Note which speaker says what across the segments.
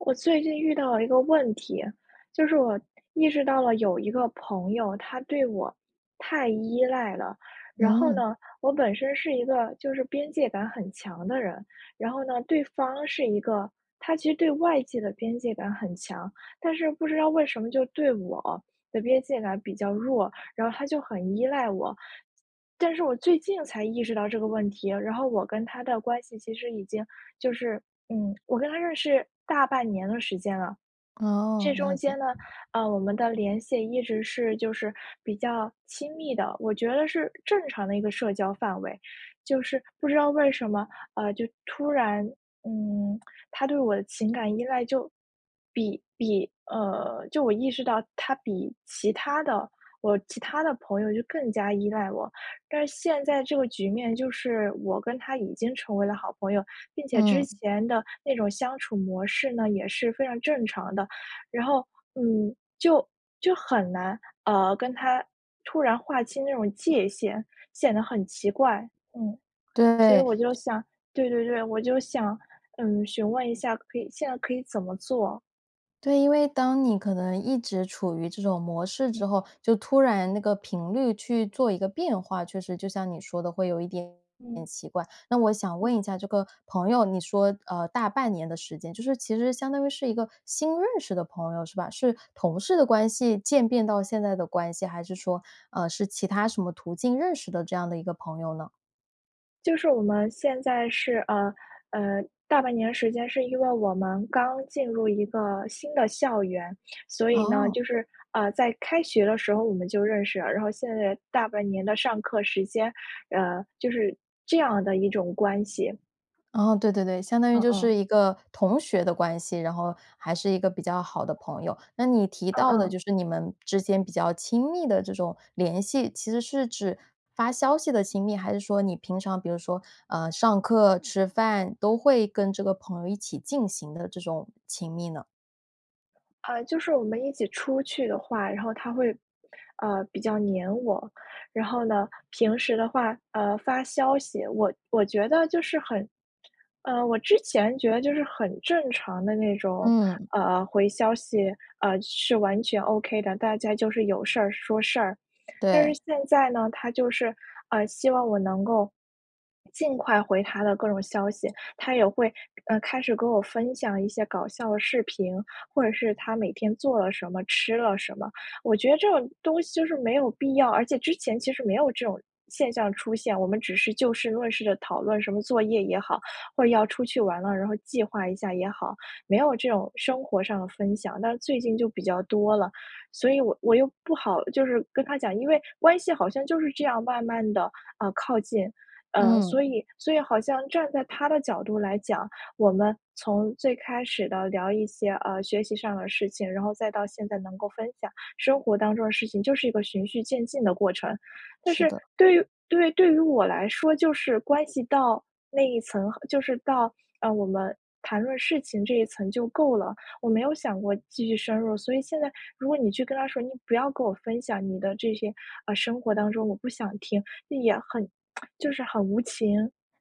Speaker 1: 我最近遇到了一个问题，就是我意识到了有一个朋友，他对我太依赖了。然后
Speaker 2: 嗯。
Speaker 1: 呢，我本身是一个就是边界感很强的人。然后呢，对方是一个他其实对外界的边界感很强。但是不知道为什么就对我的边界感比较弱，然后他就很依赖我。但是我最近才意识到这个问题，然后我跟他的关系其实已经就是嗯，我跟他认识大半年的时间了。
Speaker 2: 哦，
Speaker 1: 这中
Speaker 2: 了
Speaker 1: 间
Speaker 2: 解。
Speaker 1: 呢，呃，我们的联系一直是就是比较亲密的，我觉得是正常的一个社交范围。就是不知道为什么，呃，就突然，嗯，他对我的情感依赖就比比，呃就我意识到他比其他的我其他的朋友就更加依赖我。但是现在这个局面就是，我跟他已经成为了好朋友，并且之
Speaker 2: 嗯。
Speaker 1: 前的那种相处模式呢，也是非常正常的。然后，嗯，就就很难，呃，跟他突然划清那种界限，显得很奇怪。嗯。所以
Speaker 2: 对。
Speaker 1: 我就想对对对，我就想，嗯，询问一下可以现在可以怎么做。
Speaker 2: 对，因为当你可能一直处于这种模式
Speaker 1: 嗯。
Speaker 2: 之后，就突然那个频率去做一个变化，确实就像你说的会有一点点
Speaker 1: 嗯。
Speaker 2: 奇怪。那我想
Speaker 1: 嗯。
Speaker 2: 问一下这个朋友，你说，呃，大半年的时间，就是其实相当于是一个新认识的朋友，是吧？是同事的关系渐变到现在的关系，还是说，呃，是其他什么途径认识的这样的一个朋友呢？
Speaker 1: 就是我们现在是，呃，呃，大半年时间是因为我们刚进入一个新的校园，所以呢
Speaker 2: 哦。
Speaker 1: 就是，呃，在开学的时候我们就认识了。然后现在大半年的上课时间，呃，就是这样的一种关系。
Speaker 2: 哦，对对对，相当于
Speaker 1: 嗯
Speaker 2: 就
Speaker 1: 嗯。
Speaker 2: 是一个同学的关系，然后还是一个比较好的朋友。那你提
Speaker 1: 嗯
Speaker 2: 到的
Speaker 1: 嗯。
Speaker 2: 就是你们之间比较亲密的这种联系，其实是指发消息的亲密，还是说你平常比如说，呃，上课、吃饭都会跟这个朋友一起进行的这种亲密呢？
Speaker 1: 呃，就是我们一起出去的话，然后他会，呃，比较黏我。然后呢，平时的话，呃，发消息，我我觉得就是很呃，我之前觉得就是很正常的那种，
Speaker 2: 嗯。
Speaker 1: 呃，回消息，呃，是完全 OK 的。大家就是有事儿说事儿。但是
Speaker 2: 对。
Speaker 1: 现在呢，他就是，呃，希望我能够，尽快回他的各种消息。他也会，呃，开始跟我分享一些搞笑的视频，或者是他每天做了什么，吃了什么。我觉得这种东西就是没有必要，而且之前其实没有这种现象出现。我们只是就事论事地讨论什么作业也好，或者要出去玩了，然后计划一下也好。没有这种生活上的分享，那最近就比较多了。所以我我又不好，就是跟他讲，因为关系好像就是这样慢慢地啊，靠近。呃，所
Speaker 2: 嗯。
Speaker 1: 以所以好像站在他的角度来讲，我们从最开始地聊一些，呃，学习上的事情，然后再到现在能够分享生活当中的事情，就是一个循序渐进的过程。但
Speaker 2: 是
Speaker 1: 是
Speaker 2: 的。
Speaker 1: 对于对，对于我来说就是关系到那一层就是到，呃，我们谈论事情这一层就够了，我没有想过继续深入。所以现在如果你去跟他说你不要跟我分享你的这些，呃，生活当中我不想听，那也很 就是很无情，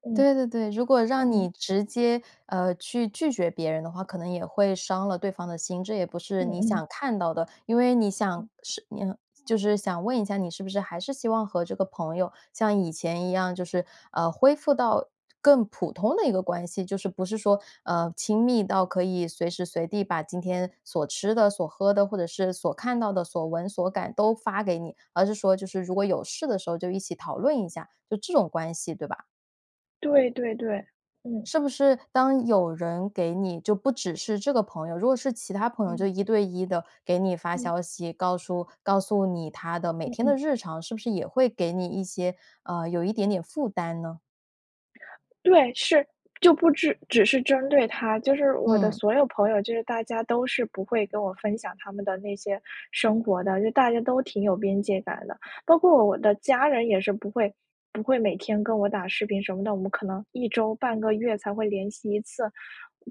Speaker 1: 嗯，
Speaker 2: 对对对，如果让
Speaker 1: 嗯。
Speaker 2: 你直接，呃，去拒绝别人的话，可能也会伤了对方的心，这也不是
Speaker 1: 嗯
Speaker 2: 你
Speaker 1: 嗯。
Speaker 2: 想看到的。因为你想
Speaker 1: 嗯。
Speaker 2: 是你就是想问一下，你是不是还是希望和这个朋友像以前一样，就是，呃，恢复到更普通的一个关系，就是不是说，呃，亲密到可以随时随地把今天所吃的、所喝的，或者是所看到的所闻所感都发给你，而是说就是如果有事的时候就一起讨论一下，就这种关系，对吧？
Speaker 1: 对对对，嗯。
Speaker 2: 是不是当有人给你就不只是这个朋友，如果是其他朋友就
Speaker 1: 嗯。
Speaker 2: 一对一地给你发
Speaker 1: 嗯。
Speaker 2: 消息，告诉告诉你他的每
Speaker 1: 嗯
Speaker 2: 天的
Speaker 1: 嗯。
Speaker 2: 日常，是不是也会给你一些呃，有一点点负担呢？
Speaker 1: 对，是，就不只只是针对他，就是我的
Speaker 2: 嗯。
Speaker 1: 所有朋友，就是大家都是不会跟我分享他们的那些生活的，就大家都挺有边界感的。包括我的家人也是不会不会每天跟我打视频什么的，我们可能1周半个月才会联系一次，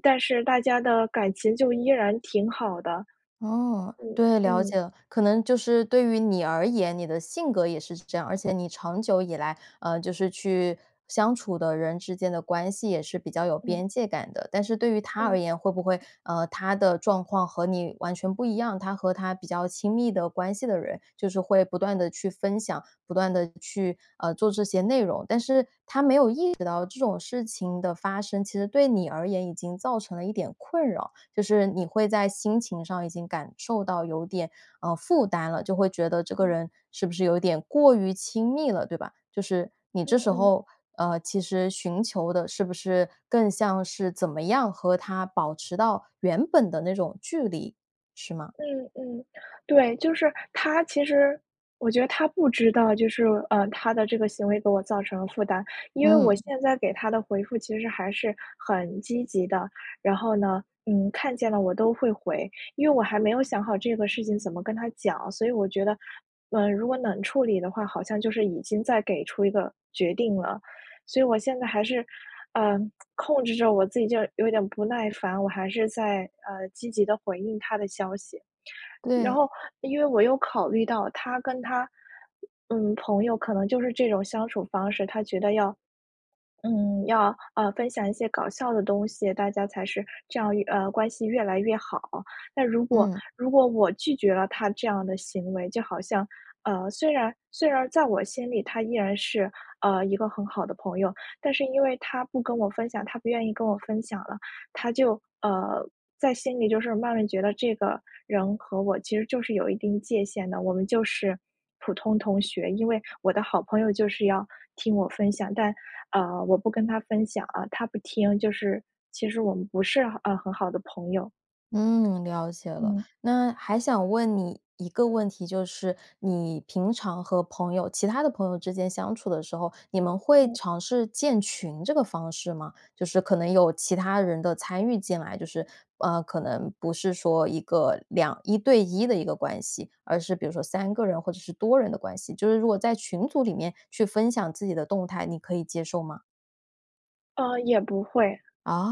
Speaker 1: 但是大家的感情就依然挺好的。
Speaker 2: 哦，
Speaker 1: 嗯，
Speaker 2: 对，了
Speaker 1: 嗯。
Speaker 2: 解了。可能就是对于你而言，你的性格也是这样。而且你长久以来，呃，就是去相处的人之间的关系也是比较有
Speaker 1: 嗯。
Speaker 2: 边界感的。但是对于他
Speaker 1: 嗯。
Speaker 2: 而言，会不会，呃，他的状况和你完全不一样。他和他比较亲密的关系的人，就是会不断地去分享，不断地去，呃，做这些内容。但是他没有意识到这种事情的发生，其实对你而言已经造成了一点困扰。就是你会在心情上已经感受到有点，呃，负担了，就会觉得这个
Speaker 1: 嗯。
Speaker 2: 人是不是有点过于亲密了，对吧？就是你这
Speaker 1: 嗯
Speaker 2: 时
Speaker 1: 嗯。
Speaker 2: 候，呃，其实寻求的是不是更像是怎么样和他保持到原本的那种距离，是吗？
Speaker 1: 嗯嗯，对，就是他其实我觉得他不知道就是，呃，他的这个行为给我造成了负担。因为我
Speaker 2: 嗯。
Speaker 1: 现在给他的回复其实还是很积极的，然后呢，嗯，看见了我都会回。因为我还没有想好这个事情怎么跟他讲，所以我觉得，呃，如果冷处理的话，好像就是已经在给出一个决定了。所以我现在还是，呃，控制着我自己就有点不耐烦，我还是在，呃，积极地回应他的消息。然
Speaker 2: 对。
Speaker 1: 后因为我又考虑到他跟他嗯，朋友可能就是这种相处方式，他觉得要嗯，要，呃，分享一些搞笑的东西，大家才是这样，呃，关系越来越好。但如果
Speaker 2: 嗯。
Speaker 1: 如果我拒绝了他这样的行为，就好像，呃，虽然虽然在我心里他依然是，呃，一个很好的朋友。但是因为他不跟我分享，他不愿意跟我分享了，他就，呃，在心里就是慢慢觉得这个人和我其实就是有一定界限的，我们就是普通同学。因为我的好朋友就是要听我分享，但，呃，我不跟他分享啊，他不听就是其实我们不是，呃，很好的朋友。
Speaker 2: 嗯，了解了。
Speaker 1: 嗯。
Speaker 2: 那还想问你一个问题，就是你平常和朋友其他的朋友之间相处的时候，你们会
Speaker 1: 嗯。
Speaker 2: 尝试建群这个方式吗？就是可能有其他人的参与进来，就是，呃，可能不是说1个21对1的一个关系。而是比如说3个人或者是多人的关系，就是如果在群组里面，去分享自己的动态，你可以接受吗？
Speaker 1: 呃，也不会。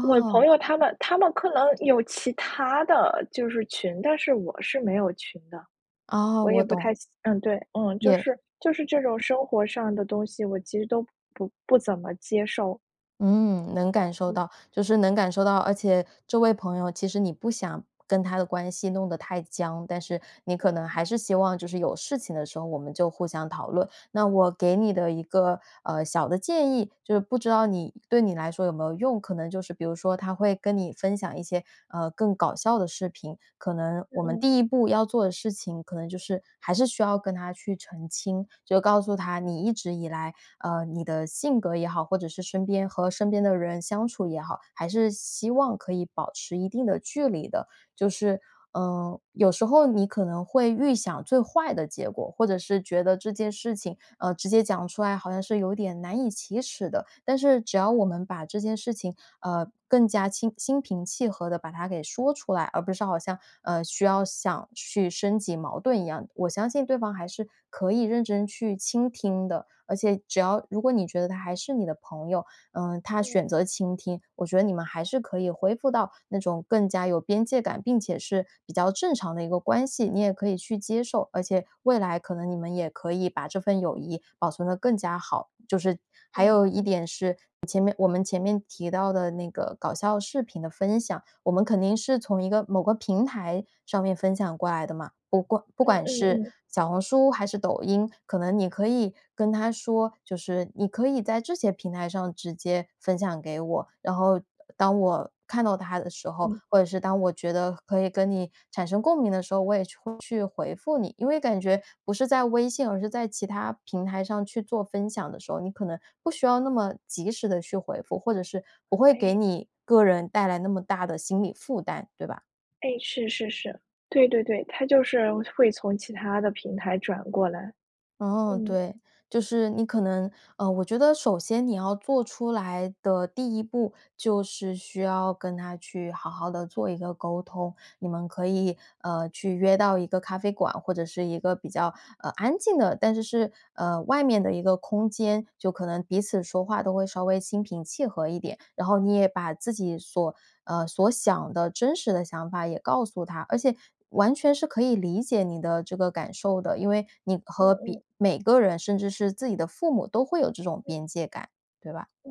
Speaker 1: 我朋友他们他们可能有其它的，就是群。但是我是没有群的。
Speaker 2: 哦，
Speaker 1: 我也
Speaker 2: 我
Speaker 1: 不
Speaker 2: 懂。
Speaker 1: 太想嗯，对，就
Speaker 2: 也
Speaker 1: 是就是这种生活上的东西，我其实都不不怎么接受。
Speaker 2: 嗯，能感受
Speaker 1: 嗯。
Speaker 2: 到，就是能感受到。而且这位朋友，其实你不想跟他的关系弄得太僵，但是，你
Speaker 1: 嗯
Speaker 2: 可能
Speaker 1: 嗯。
Speaker 2: 还是希望就是有事情的时候，我们就互相讨论。那我给你的一个，呃，小的建议，就是不知道你对你来说有没有用。可能就是比如说，他会跟你分享一些，呃，更搞笑的视频。可能
Speaker 1: 嗯
Speaker 2: 我们
Speaker 1: 嗯。
Speaker 2: 第1步要做的事情，可能就是还是需要跟他去澄清，就告诉他你一直以来，呃，你的性格也好，或者是身边和身边的人相处也好，还是希望可以保持一定的距离的。就是，呃，有时候，你可能会预想最坏的结果。或者是觉得，这件事情，呃，直接讲出来好像是有点难以启齿的。但是只要我们把这件事情，呃，更加心心平气和地，把它给说出来。而不是好像，呃，需要想去升级矛盾一样。我相信对方还是，可以认真去倾听的。而且只要如果你觉得，他还是你的朋友，呃，他
Speaker 1: 嗯。
Speaker 2: 选择倾听，我觉得你们还是可以恢复到，那种更加有边界感，并且是比较正常的一个关系。你也可以去接受，而且未来可能你们也可以把这份友谊保存得更加好。就是还
Speaker 1: 嗯
Speaker 2: 有一
Speaker 1: 嗯。
Speaker 2: 点是，前面我们前面提到的那个搞笑视频的分享，我们肯定是从一个某个平台上面分享过来的嘛。不过不
Speaker 1: 嗯
Speaker 2: 管
Speaker 1: 嗯
Speaker 2: 是
Speaker 1: 嗯。
Speaker 2: 小红书还是抖音，可能你可以跟他说，就是你可以在这些平台上直接分享给我。然后当我看到它的时候，
Speaker 1: 嗯。
Speaker 2: 或者是当我觉得可以跟你产生共鸣的时候，我也去会去回复你，因为感觉不是在微信，而是在其他平台上去做分享的时候，你可能不需要那么及时地去回复，或者是，不会给
Speaker 1: 诶。
Speaker 2: 你个人带来那么大的心理负担，对吧？
Speaker 1: 哎，是是是，对对对，他就是会从其他的平台转过来，
Speaker 2: 哦，
Speaker 1: 嗯。
Speaker 2: 对。就是你可能，呃，我觉得首先你要做出来的第1步，就是需要跟他去好好地做一个沟通。你们可以，呃，去约到一个咖啡馆，或者是一个比较，呃，安静的，但是是，呃，外面的一个空间，就可能彼此说话都会稍微心平气和一点。然后你也把自己所呃，所想的真实的想法也告诉他。而且完全是可以理解你的这个感受的，因为你
Speaker 1: 嗯
Speaker 2: 和别
Speaker 1: 嗯。
Speaker 2: 每每个人甚至是自己的父母都会有这种
Speaker 1: 嗯。
Speaker 2: 边界感，对吧？
Speaker 1: 嗯，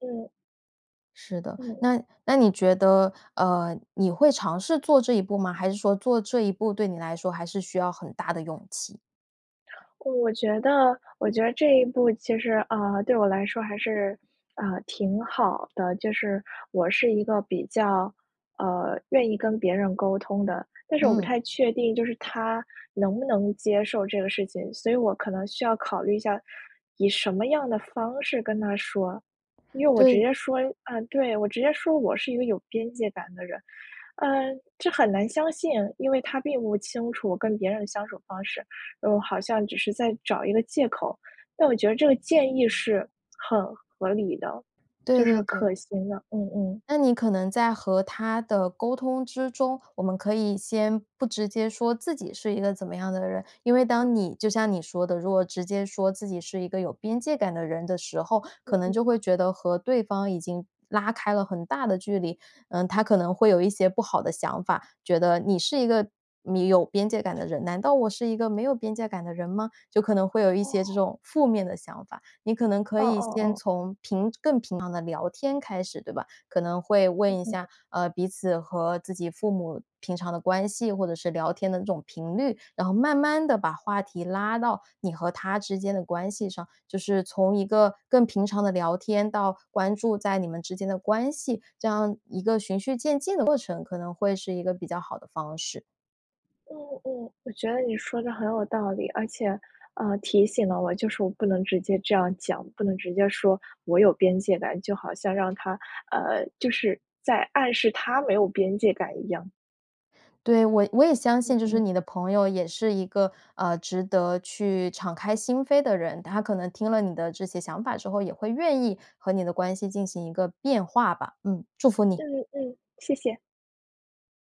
Speaker 1: 嗯。
Speaker 2: 是的。
Speaker 1: 嗯。
Speaker 2: 那那你觉得，呃，你会尝试做这一步吗？还是说做这一步对你来说还是需要很大的勇气？
Speaker 1: 我觉得我觉得这一步其实，呃，对我来说还是，呃，挺好的。就是我是一个比较，呃，愿意跟别人沟通的，但是我不
Speaker 2: 嗯。
Speaker 1: 太确定就是他能不能接受这个事情，所以我可能需要考虑一下以什么样的方式跟他说。因为我直
Speaker 2: 对。
Speaker 1: 接说，啊，对我直接说：“我是一个有边界感的人，”呃，这很难相信，因为他并不清楚我跟别人的相处方式，嗯，好像只是在找一个借口。但我觉得这个建议是很合理的，
Speaker 2: 对
Speaker 1: 就
Speaker 2: 对
Speaker 1: 是
Speaker 2: 对。
Speaker 1: 可行的。嗯嗯。
Speaker 2: 那你可能在和他的沟通之中，我们可以先不直接说自己是一个怎么样的人。因为当你就像你说的，如果直接说自己是一个有边界感的人的时候，
Speaker 1: 嗯
Speaker 2: 可能
Speaker 1: 嗯。
Speaker 2: 就会觉得和对方已经拉开了很大的距离，嗯，他可能会有一些不好的想法，觉得：“你是一个你有边界感的人，难道我是一个没有边界感的人吗？”就可能会有一些这
Speaker 1: 哦。
Speaker 2: 种负面的想法，你可能可
Speaker 1: 嗯
Speaker 2: 以
Speaker 1: 嗯
Speaker 2: 先
Speaker 1: 嗯。
Speaker 2: 从平更平常的聊天开始对吧？可能会问
Speaker 1: 嗯
Speaker 2: 一
Speaker 1: 嗯。
Speaker 2: 下，呃，彼此和自己父母平常的关系或者是聊天的这种频率，然后慢慢地把话题拉到你和他之间的关系上，就是从一个更平常的聊天到关注在你们之间的关系，这样一个循序渐进的过程，可能会是一个比较好的方式。
Speaker 1: 嗯嗯，我觉得你说的很有道理。而且，呃，提醒了我，就是我不能直接这样讲，不能直接说“我有边界感”，就好像让他呃，就是在暗示他没有边界感一样。
Speaker 2: 对，我我也相
Speaker 1: 嗯
Speaker 2: 信就是
Speaker 1: 嗯。
Speaker 2: 你的朋友也是一个，呃，值得去敞开心扉的人，他可能听了你的这些想法之后，也会愿意和你的关系进行一个变化吧。嗯，祝福你。
Speaker 1: 嗯嗯，谢谢。